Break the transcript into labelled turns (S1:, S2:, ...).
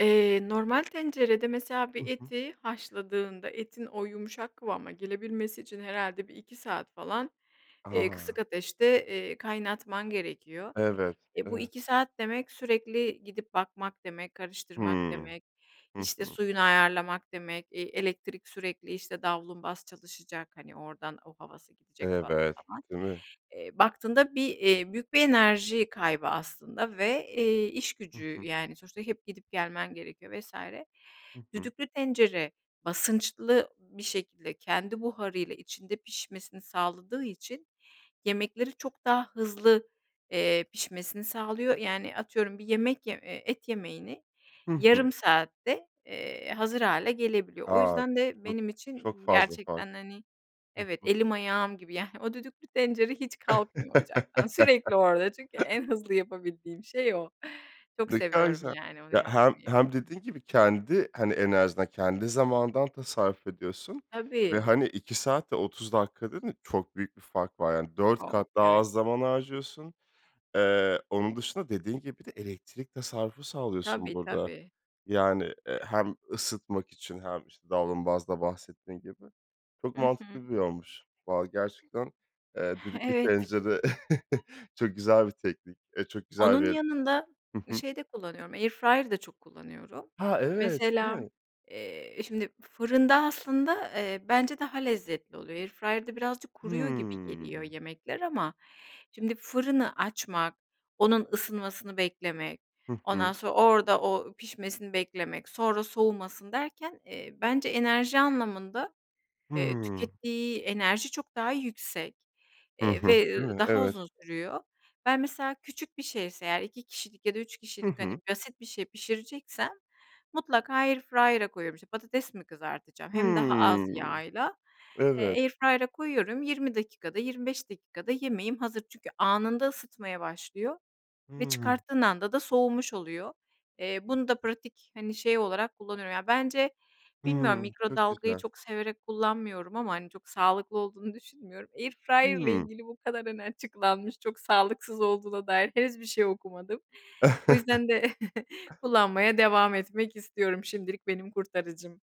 S1: Eee, normal tencerede mesela,
S2: Hı
S1: bir
S2: hı.
S1: eti haşladığında, etin o yumuşak kıvama gelebilmesi için, herhâlde 1-2 saat falan, eee, kısık
S2: A!
S1: ateşte, eee, kaynatman gerekiyor.
S2: Evet.
S1: Eee, bu
S2: Evet.
S1: 2 saat demek, sürekli gidip bakmak demek, karıştırmak
S2: Hımm.
S1: demek,
S2: Hı
S1: işte
S2: hı.
S1: suyunu ayarlamak demek. Eee, elektrik sürekli işte davlumbaz çalışacak, hani, oradan o havası gidecek falan,
S2: Evet.
S1: falan.
S2: Değil mi?
S1: Eee, baktığında bir eee, büyük bir enerji kaybı aslında ve eee,
S2: Hı
S1: işgücü
S2: hı.
S1: yani; sonuçta hep gidip, gelmen gerekiyor vs.
S2: Hı hı.
S1: Düdüklü tencere, basınçlı bir şekilde, kendi buharıyla, içinde, pişmesini sağladığı için, yemekleri çok daha hızlı, eee, pişmesini sağlıyor. Yani, atıyorum, bir yemek ye eee, et yemeğini,
S2: Hı hı.
S1: yarım saatte, eee, hazır hâle gelebiliyor. O
S2: A,
S1: yüzden de
S2: çok
S1: benim
S2: çok
S1: için,
S2: fazla fark.
S1: gerçekten hani,
S2: Hı
S1: evet,
S2: hı.
S1: elim ayağım gibi yani o düdüklü tencere hiç kalkmıyor ocaktan. Sürekli orada çünkü en hızlı yapabildiğim şey o. Çok
S2: Ne kadar
S1: seviyorum
S2: güzel.
S1: yani onu
S2: Ya, hem
S1: yapmayı.
S2: hem dediğin gibi kendi hani, enerjinden kendi zamanından tasarruf ediyorsun ve
S1: Tabii.
S2: hani 2 saat ve 30 dakika dediğin çok büyük bir fark var. 4
S1: [unintelligible]
S2: kat daha
S1: Evet.
S2: az zaman harcıyorsun. Eee, onun dışında dediğin gibi, bir de elektrik tasarrufu sağlıyorsun,
S1: Tabii,
S2: burada.
S1: tabii.
S2: Yani, eee,
S1: [unintelligible]
S2: hem ısıtmak için, hem işte davlumbazda bahsettiğin gibi. Çok
S1: Hı hı.
S2: mantıklı bir yolmuş. Vallahi gerçekten, eee, düdüklü
S1: Evet.
S2: tencere, çok güzel bir teknik. Eee, çok güzel
S1: Onun
S2: bir
S1: yanında,
S2: Hı hı.
S1: şey de kullanıyorum, airfryer da çok kullanıyorum.
S2: Ha, evet, değil
S1: Mesela,
S2: mi?
S1: eee, şimdi fırında aslında, eee, bence daha lezzetli oluyor. Airfryer'da birazcık kuruyor gibi geliyor
S2: Hımm.
S1: yemekler. Ama şimdi fırını açmak, onun ısınmasını beklemek,
S2: Hı
S1: ondan
S2: hı.
S1: sonra orada o pişmesini beklemek, sonra soğumasın derken, eee, bence enerji anlamında eee,
S2: Hımm.
S1: tükettiği enerji çok daha yüksek,
S2: Hı
S1: eee
S2: hı.
S1: ve
S2: Değil mi?
S1: daha
S2: Evet.
S1: uzun sürüyor. Ben, mesela küçük bir şeyse eğer, 2 kişilik ya da 3
S2: Hı
S1: kişilik hani,
S2: hı.
S1: basit bir şey pişireceksem, mutlaka airfryer'a koyuyorum. İşte patates mi kızartacağım, hem daha az
S2: Hımm.
S1: yağla; eee,
S2: Evet.
S1: Airfryer'a koyuyorum. 20 dakikada, 25 dakikada yemeğim hazır. Çünkü anında ısıtmaya başlıyor ve
S2: Hımm.
S1: çıkarttığın anda da soğumuş oluyor. Eee, bunu da pratik, hani, şey olarak kullanıyorum. Yani, bence bilmiyorum,
S2: Hımm. Çok
S1: mikrodalgayı
S2: güzel.
S1: çok severek kullanmıyorum; ama hani, çok sağlıklı olduğunu düşünmüyorum. Airfryer'la
S2: Hımm.
S1: ilgili bu kadar hani açıklanmış, çok sağlıksız olduğuna dair henüz bir şey okumadım. O yüzden de kullanmaya devam etmek istiyorum. Şimdilik benim kurtarıcım.